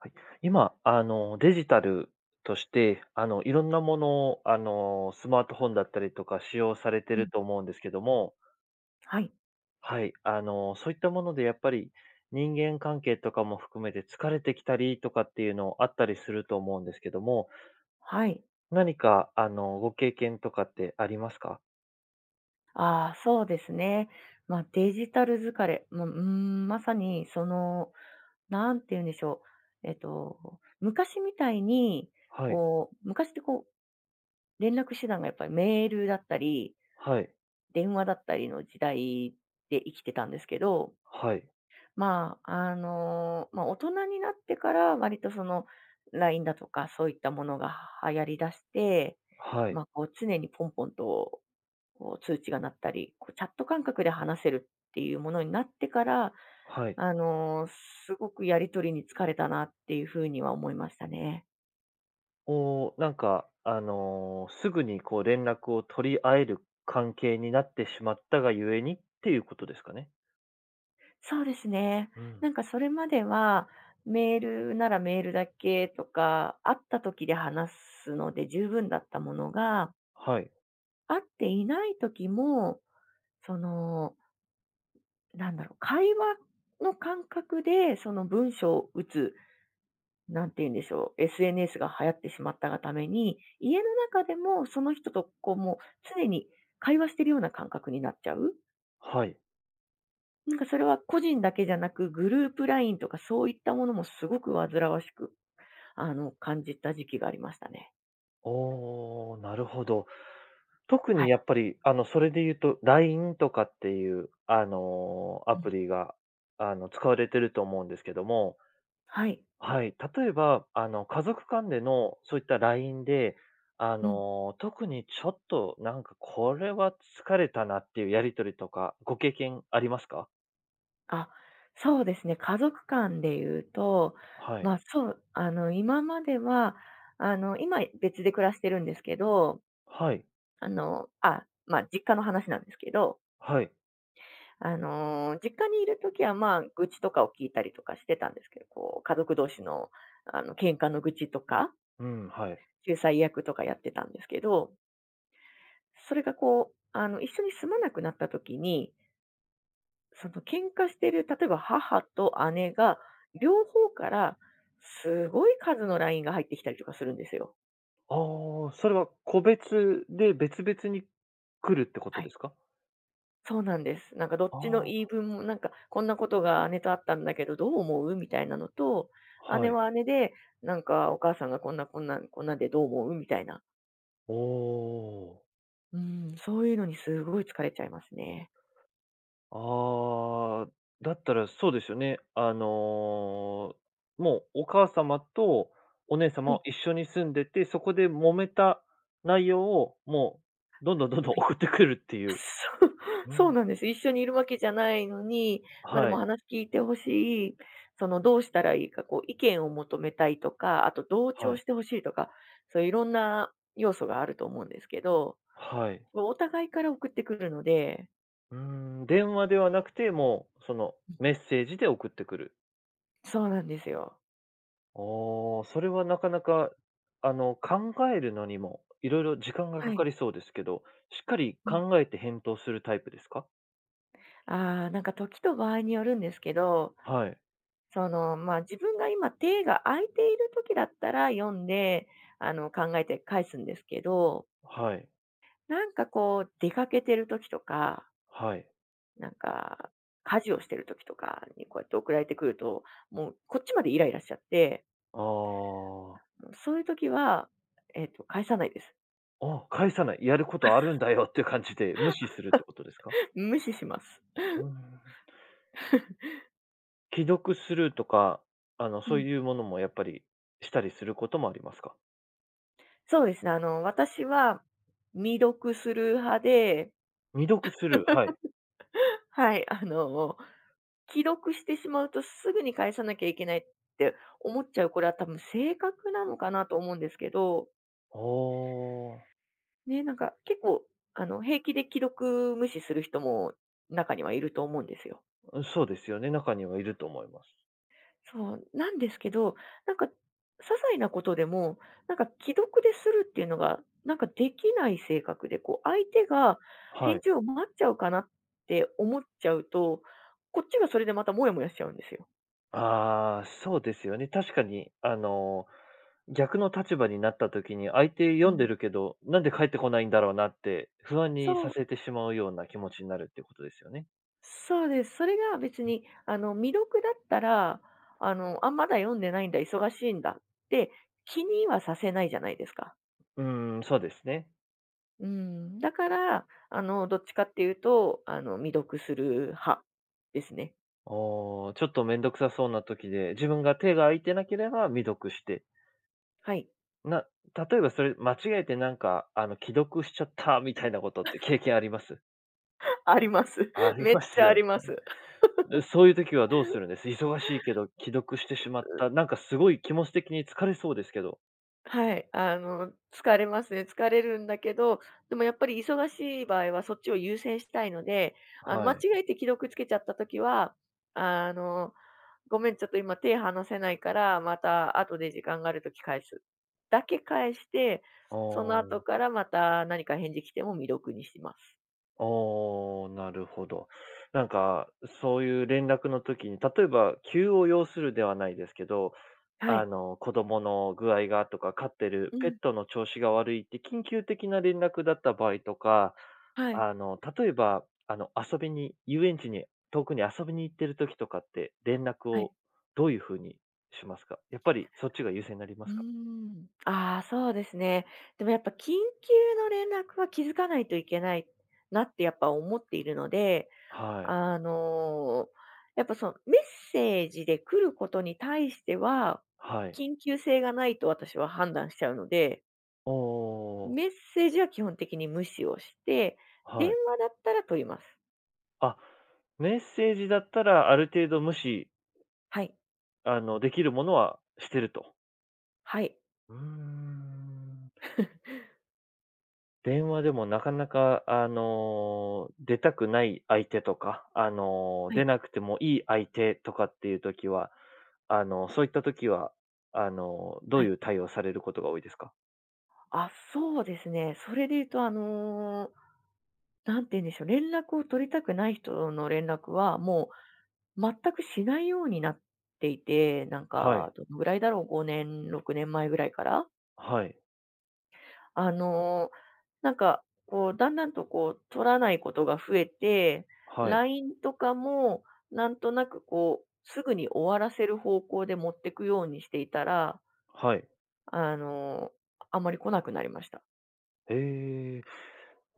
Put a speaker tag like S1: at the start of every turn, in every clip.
S1: はい、今、あの、デジタルとして、あの、色んなもの、あの、スマートフォンだったりとか使用されて
S2: う
S1: る
S2: ん。
S1: と思うんですけども。
S2: はい。
S1: はい、あの、そういったもので、やっぱり、人間関係とかも含めて疲れてきたりとかっていうのあったりすると思うんですけども、
S2: はい。
S1: 何か、あの、ご経験とかってありますか？
S2: ああ、そうですね。ま、デジタル疲れも、うーん、まさに、その、なんて言うんでしょう、えっと、昔みたいに、
S1: はい。
S2: こう、昔って、こう、連絡手段が、やっぱり、メールだったり
S1: はい。
S2: 電話だったりの時代で生きてたんですけど。
S1: はい。
S2: まあ、あの、ま、大人になってから割と、その、ラインだとかそういったものが流行りだして、
S1: はい。
S2: ま、こう、常にポンポンと、こう、通知が鳴ったり、こう、チャット感覚で話せるっていうものになってから、
S1: はい。
S2: あの、すごくやり取りに疲れたなっていう風には思いましたね。
S1: おお、なんか、あの、すぐに、こう、連絡を取り合える関係になってしまったがゆえに、っていうことですかね。
S2: そうですね。
S1: うん。
S2: なんかそれまでは、メールならメールだけとか、会った時で話すので十分だったものが
S1: はい。
S2: 会っていない時も、そのなんだろう、会話の感覚で、その文章を打つ。何て言うんでしょう、SNS が流行ってしまったがために、家の中でも、その人と、こうもう、常に会話しているような感覚になっちゃう。
S1: はい。
S2: なんか、それは個人だけじゃなく、グループラインとか、そういったものもすごく煩わしく、あの、感じた時期がありましたね。
S1: おお、なるほど。特
S2: は
S1: にや
S2: い。
S1: っぱり、あの、それで言うと LINE とかっていう、あの、ア
S2: う
S1: プ
S2: ん。
S1: リが、あの、使われてると思うんですけども
S2: はい。
S1: はい、例えば、あの、家族間でのそういった LINE で、あ
S2: うん。
S1: の、特にちょっとなんかこれは疲れたなっていうやり取りとか、ご経験ありますか？
S2: あ、そうですね。家族間で言うと、
S1: はい。
S2: ま、そうあの今までは、あの今別で暮らしてるんですけど、
S1: はい。
S2: あの、あ、まあ実家の話なんですけど
S1: はい。
S2: あの実家にいる時はまあ愚痴とかを聞いたりとかしてたんですけど、こう家族同士のあの喧嘩の愚痴とか？
S1: うん、はい。
S2: 仲裁役とかやってたんですけど。それがこう、あの一緒に住まなくなった時にその喧嘩してる、例えば、母と姉が両方からすごい数の LINE が入ってきたりとかするんですよ。
S1: ああ、それは個別で別々に来るってこと
S2: は
S1: で
S2: い。
S1: すか？
S2: そうなんです。なんかどっちの
S1: あ
S2: 言
S1: あ。
S2: い分も、なんかこんなことが姉とあったんだけどどう思う？みたいなのと、姉
S1: はい。
S2: は姉で、なんかお母さんがこんなこんなこんなんでどう思う？みたいな。
S1: おお。
S2: うん、そういうのにすごい疲れちゃいますね。
S1: ああ、だったらそうですよね。あの、もうお母様とお姉
S2: は
S1: 様
S2: い。
S1: は一緒に住んでて、そこで揉めた内容をもうどんどんどんどん
S2: はい。
S1: 送ってくるっていう。
S2: そう、
S1: う
S2: そう
S1: ん。
S2: なんですよ。一緒にいるわけじゃないのに、ま、で
S1: は
S2: も
S1: い。
S2: 話聞いて欲しい、そのどうしたらいいか、こう意見を求めたいとか、あと同
S1: は
S2: 調
S1: い。
S2: して欲しいとか、そういういろんな要素があると思うんですけど、
S1: はい。
S2: もうお互いから送ってくるので。
S1: うーん、電話ではなくて、もうその
S2: うん。
S1: メッセージで送ってくる。
S2: そうなんですよ。
S1: ああ、それはなかなか、あの考えるのにも色々時間がか
S2: はい。
S1: かりそうですけど、しっかり
S2: うん。
S1: 考えて返答するタイプですか？
S2: ああ、なんか時と場合によるんですけど、
S1: はい。
S2: その、ま、自分が今、手が空いている時だったら読んで、あの考えて返すんですけど
S1: はい。
S2: なんかこう出かけてる時とか
S1: はい。
S2: なんか家事をしてる時とかにこうやって送られてくると、もうこっちまでイライラしちゃって
S1: ああ。
S2: うん、そういう時は、えっと返さないです。
S1: あ、返さない、やることあるん だよっていう感じで無視するってことですか？
S2: 無視します。
S1: うん。既読スルーとか、あの、
S2: う
S1: そう
S2: ん。
S1: いうものもやっぱり、したりすることもありますか？
S2: そうですね。あの私は未読スルー派で。
S1: 未読スルー？はい。
S2: はい、あの既読してしまうとすぐに返さなきゃいけないって思っちゃう、これは多分性格なのかなと思うんですけど。
S1: ああ。
S2: ね、なんか結構あの平気で既読無視する人も中にはいると思うんですよ。
S1: うん、そうですよね、中にはいると思います。
S2: そう、なんですけど、なんか些細なことでもなんか既読でスルーっていうのがなんかできない性格で、こう、相手が
S1: は
S2: 返
S1: い。
S2: 事を待っちゃうかなって思っちゃうと、こっちがそれでまたモヤモヤしちゃうんですよ。
S1: ああ、そうですよね、確かに、あの、逆の立場になった時に、相手
S2: う
S1: 読んで
S2: ん。
S1: るけどなんで返ってこないんだろうなって不安にさ
S2: そう。
S1: せてしまうような気持ちになるっていうことですよね。
S2: そうです。それが別
S1: ん。
S2: に、あの、未読だったら、あの、「あ、まだ読んでないんだ、忙しいんだ」って気にはさせないじゃないですか。
S1: うーん、そうですね。
S2: うん、だから、あの、どっちかっていうと、あの、未読スルー派ですね。
S1: ああ、ちょっと面倒くさそうな時で、自分が手が空いてなければ未読して
S2: はい。
S1: な、例えばそれ間違えてなんか、あの、「既読しちゃった」みたいなことって経験あります？
S2: あります。
S1: あり
S2: めっ
S1: ます
S2: ちゃあ
S1: よね。
S2: ります。う、
S1: でそういう時はどうするんです？忙しいけど既読してしまっ
S2: う。
S1: た、なんかすごい気持ち的に疲れそうですけど。
S2: はい、あの、疲れますね。疲れるんだけど、でもやっぱり忙しい場合は、そっちを優先したいので、あの、
S1: は
S2: 間違
S1: い。
S2: えて既読つけちゃった時は、あの「ごめん、ちょっと今手離せないから、また後で時間があるとき返す」だけ返して、
S1: あ
S2: その後
S1: あ。
S2: から、また、何か返事来ても未読にします。
S1: ああ、なるほど。なんか、そういう連絡の時に、例えば、急を要するではないですけど、
S2: は
S1: あ
S2: い。
S1: の、子供の具合がとか飼ってる
S2: う
S1: ペッ
S2: ん。
S1: トの調子が悪いって、緊急的な連絡だった場合とか、
S2: はい。
S1: あの、例えばあの、遊びに、遊園地に、遠くに遊びに行ってる時とかって、連絡
S2: はい。
S1: をどういうふうにしますか？やっぱり、そっちが優先になりま
S2: う
S1: す
S2: ー
S1: か？
S2: ん、ああ、そうですね。でも、やっぱ、緊急の連絡は気づかないといけないなって、やっぱ、思っているので、
S1: はい。
S2: あの、やっぱ、そのメッセージで来ることに対しては、
S1: はい。
S2: 緊急性がないと私は判断しちゃうので
S1: ああ。
S2: メッセージは基本的に無視をして、電
S1: はい。
S2: 話だったら取ります。
S1: あ、メッセージだったらある程度無視
S2: はい。
S1: あの、できるものはしてると。
S2: はい。
S1: うーん。電話でもなかなか、あの、出たくない相手とか、あの、
S2: は
S1: 出
S2: い。
S1: なくてもいい相手とかっていう時は、あの、そういった時は、あの、どう
S2: はい。
S1: いう対応をされることが多いですか？
S2: あ、そうですね。それで言うと、あの、何て言うんでしょう、連絡を取りたくない人の連絡はもう全くしないようになっていて、なん
S1: はい。
S2: かどのぐらいだろう、5年、6年前ぐらいから。
S1: はい。
S2: あの、なんか、こう、だんだんと、こう、取らないことが増えて、
S1: はい。
S2: ラインとかもなんとなく、こう、すぐに終わらせる方向で持ってくようにしていたら
S1: はい。
S2: あの、あんまり来なくなりました。
S1: ええ、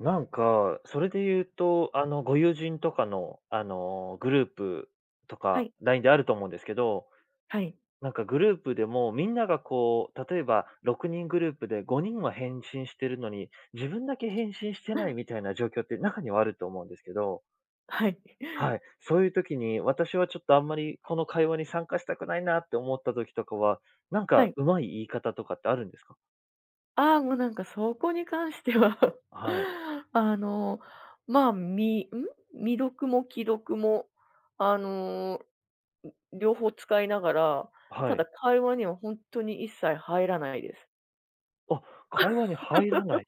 S1: なんか、それで言うと、あのご友人とかのあのグループと
S2: は
S1: か、
S2: い。
S1: LINE であると思うんですけど、
S2: はい。
S1: なんかグループでも、みんながこう、例えば6人グループで5人は返信してるのに、自分だけ返信してないみたいな状況って中にはあると思うんですけど。
S2: はい。
S1: はい。そういう時に私はちょっとあんまりこの会話に参加したくないなって思った時とかは、なん
S2: は
S1: か
S2: い。
S1: 上手い言い方とかってあるんですか？
S2: ああ、もうなんかそこに関しては、
S1: はい。
S2: あの、ま、みん？未読も既読も、あの、ん、両方使いながら、た
S1: は
S2: だ
S1: い。
S2: 会話には本当に一切入らないです。
S1: あ、会話に入らな い。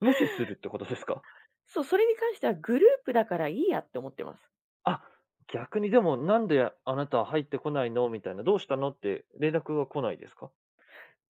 S1: 無視するってことですか？
S2: そう、それに関してはグループだからいいやって思ってます。
S1: あ、逆にでもなんであなた入ってこないのみたいな、どうしたのって連絡が来ないですか？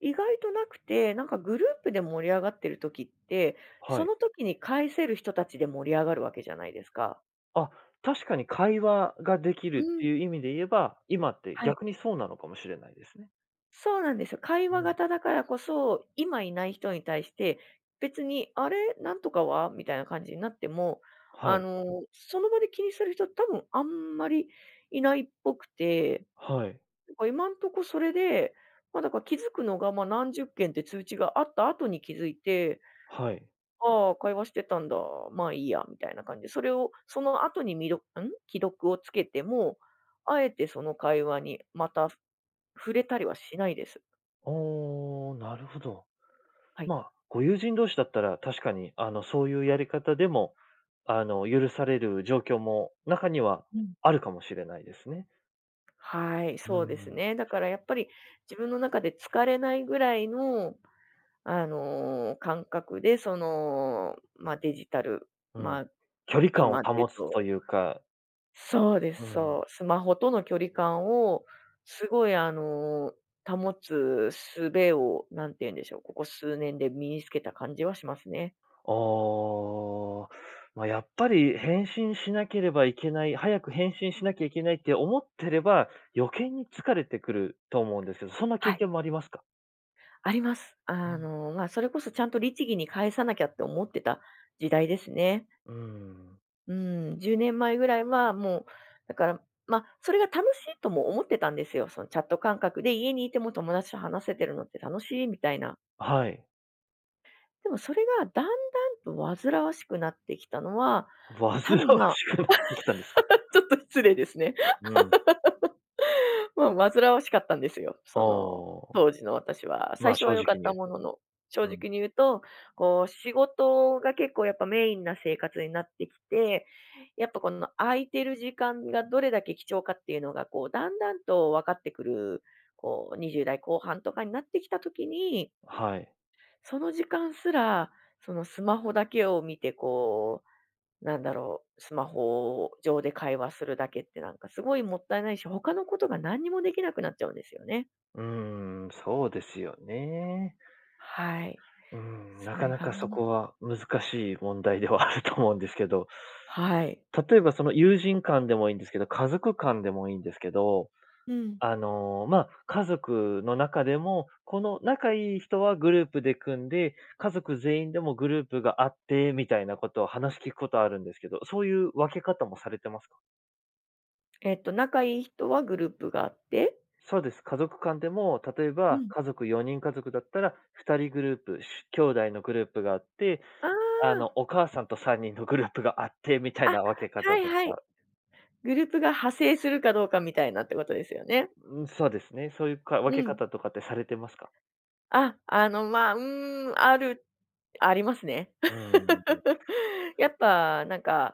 S2: 意外となくて、なんかグループで盛り上がってる時って、そ
S1: はい。
S2: の時に返せる人たちで盛り上がるわけじゃないですか。
S1: あ、確かに会話ができ
S2: う
S1: るって
S2: ん。
S1: いう意味で言えば、今って
S2: はい。
S1: 逆にそうなのかもしれないですね。
S2: そうなんですよ。会
S1: う
S2: 話
S1: ん。
S2: 型だからこそ、今いない人に対して別に「あれ、なんとかは？」みたいな感じになっても、
S1: は
S2: あ
S1: い。
S2: の、その場で気にする人、多分あんまりいないっぽくて、
S1: はい。
S2: なんか今んとこ、それで、ま、だから気づくのが、ま、何十件っていう通知があった後に気づいて
S1: はい。
S2: 「ああ、会話してたんだ、まあ、いいや」みたいな感じで。それを、その後に、みどうん？既読をつけても、あえて、その会話にまた、ふ触れたりはしないです。
S1: ああ、なるほど。
S2: はい。
S1: まあ、ご友人同士だったら確かに、あの、そういうやり方でも、あの、許される状況も中には
S2: うん。
S1: あるかもしれないですね。
S2: はい、
S1: う
S2: そうです
S1: ん。
S2: ね。だから、やっぱり自分の中で疲れないぐらいの、あの感覚で、その、ま、デジタル、
S1: うん。
S2: ま、
S1: 距離感を
S2: 今で言う
S1: 保つと
S2: と
S1: いうか
S2: そうで
S1: う
S2: す、
S1: ん。
S2: そう。スマホとの距離感をすごい、あの、保つ術を何て言うんでしょう、ここ数年で身につけた感じはしますね。
S1: ああ、ま、やっぱり返信しなければいけない、早く返信しなきゃいけないって思ってれば、余計に疲れてくると思うんですけど、そんな経
S2: はい。
S1: 験もありますか？
S2: あります。
S1: う
S2: あ
S1: ん。
S2: の、ま、それこそちゃんと律儀に返さなきゃって思ってた時代ですね。
S1: うん。
S2: うん、10年前ぐらいはもう、だから、ま、それが楽しいとも思ってたんですよ。そのチャット感覚で家にいても友達と話せてるのって楽しいみたいな。
S1: あ、はい。
S2: でも、それがだんだんと煩わしくなってきたのは、
S1: 煩わし
S2: 多分、ま、
S1: くなってきたんですか？
S2: ちょっと失礼ですね。
S1: うん。
S2: もう煩わしかったんですよ。
S1: あ
S2: その
S1: あ、
S2: 当時の私は最
S1: ま、
S2: 初
S1: 正
S2: は良
S1: 直
S2: かっ
S1: に言
S2: た
S1: う
S2: も
S1: と、
S2: のの正
S1: うん。
S2: 直に言うと、こう、仕事が結構やっぱメインな生活になってきて、やっぱこの空いてる時間がどれだけ貴重かっていうのが、こう、だんだんとわかってくる、こう、20代後半とかになってきた時に
S1: はい。
S2: その時間すらそのスマホだけを見て、こう、なんだろう、スマホ上で会話するだけってなんかすごいもったいないし、他のことが何にもできなくなっちゃうんですよね。
S1: うーん、そうですよね。
S2: はい、
S1: うーん、な
S2: そ
S1: か
S2: れ
S1: な
S2: が
S1: かそ
S2: ん。
S1: こは難しい問題ではあると思うんですけど。
S2: はい。
S1: 例えばその友人間でもいんですけど、家族間でもいんですけど、
S2: うん。
S1: あの、ま、家族の中でも、この仲いい人はグループで組んで、家族全員でもグループがあってみたいなことを話聞くことはあるんですけど、そういう分け方もされてますか？
S2: えっと、仲いい人はグループがあって？
S1: そうです。家族間でも、例え
S2: う
S1: ば
S2: ん。
S1: 家族4人家族だったら2人グループ、しゅ兄弟のグループがあって、
S2: あ
S1: あの、
S2: あ。
S1: お母さんと3人のグループがあってみたい
S2: あ、
S1: な分け
S2: は
S1: 方
S2: い
S1: と
S2: はい。
S1: か
S2: グループが派生するかどうかみたいなってことですよね。
S1: ううん、そうですね。そういうか分
S2: う
S1: け
S2: ん。
S1: 方とかってされてますか？
S2: あ、あの、ま、うーん、あるありますね。
S1: うーん。
S2: やっぱなんか、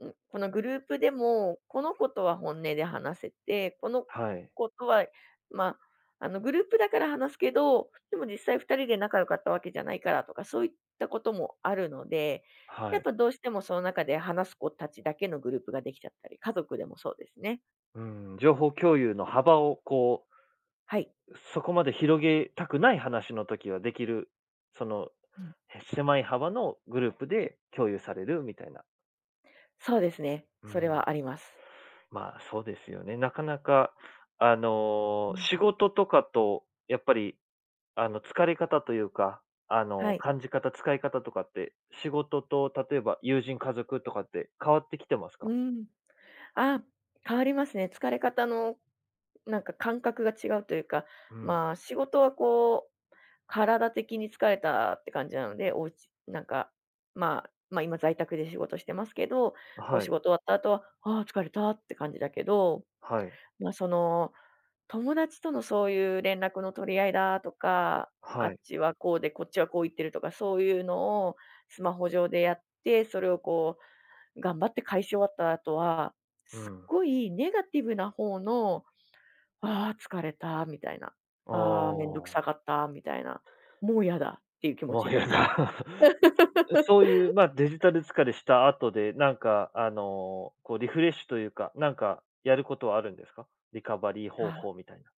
S2: ん、このグループでもこの子とは本音で話せて、この
S1: はい。
S2: 子とは、ま、あの、グループだから話すけど、でも実際2人で仲良かったわけじゃないからとかそういったこともあるので、
S1: は
S2: やっ
S1: い。
S2: ぱどうしてもその中で話す子たちだけのグループができちゃったり、家族でもそうですね。
S1: うーん、情報共有の幅をこう
S2: はい。
S1: そこまで広げたくない話の時はできる、その、
S2: うん。
S1: え、狭い幅のグループで共有されるみたいな。
S2: そうですね、
S1: う
S2: それ
S1: ん。
S2: はあります。
S1: ま、そうですよね。なかなかあ
S2: う
S1: の、
S2: ん。
S1: 仕事とかとやっぱりあの、疲れ方というか、あ
S2: は
S1: の、
S2: い。
S1: 感じ方、使い方とかって、仕事と例えば友人、家族とかって変わってきてます
S2: う
S1: か？
S2: ん。ああ、変わりますね。疲れ方のなんか感覚が違うというか、
S1: うん。
S2: ま、仕事はこう、体的に疲れたって感じなので、おうちなんか、まま、今在宅で仕事してますけど、
S1: あ、
S2: こう、
S1: は
S2: 仕
S1: い。
S2: 事終わった後はああ、疲れたって感じだけど、
S1: はい。
S2: ま、その、友達とのそういう連絡の取り合いだとか、あ
S1: はい。
S2: っちはこうでこっちはこう言ってるとかそういうのをスマホ上でやって、それをこう、頑張って返し終わった後は、
S1: う
S2: すっ
S1: ん。
S2: ごいネガティブな方の、ああ疲れたみたいな、
S1: あ
S2: ああ面倒く
S1: あ。
S2: さかったみたいな、もうやだっていう気持
S1: も
S2: ち
S1: う
S2: にな
S1: や
S2: っちゃう。
S1: だ。ふつう、そういう、ま、デジタル疲れした後で、なんかあの、こう、リフレッシュというか、なんかやることはあるんですか？リカバリー方
S2: ああ。
S1: 法みたいな。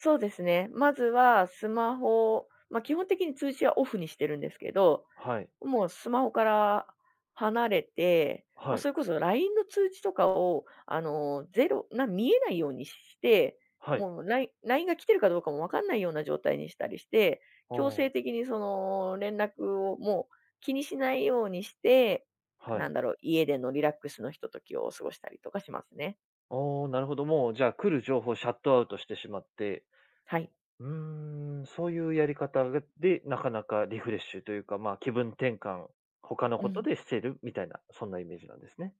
S2: そうですね。まずはスマホ、ま、基本的に通知はオフにしてるんですけど、
S1: はい。
S2: もうスマホから離れて、ま、
S1: はい。
S2: それこそラインの通知とかをあの、0、なん見えないようにして、
S1: はい。
S2: もうライラインが来てるかどうかもわかんないような状態にしたりして、
S1: あ
S2: 強制
S1: あ。
S2: 的にその、連絡をもう気にしないようにして、
S1: は
S2: な
S1: い。
S2: んだろう、家でのリラックスのひとときを過ごしたりとかしますね。
S1: ああ、なるほどもう、じゃあ来る情報シャットアウトしてしまって。
S2: はい。
S1: うーん、そういうやり方、うで、なかなかリフレッシュというか、ま、気分転換、ほかの
S2: う
S1: こと
S2: ん。
S1: でしてるみたいな、そんなイメージなんですね。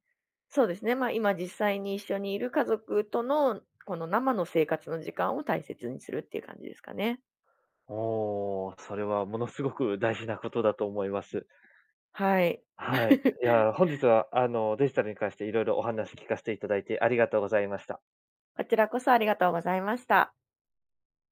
S2: そうですね。ま、今実際に一緒にいる家族とのこの生の生活の時間を大切にするっていう感じですかね。
S1: おお、それはものすごく大事なことだと思います。
S2: はい。
S1: はい。いや、本日 はあのデジタルに関して色々お話聞かしていただいてありがとうございました。
S2: こちらこそありがとうございました。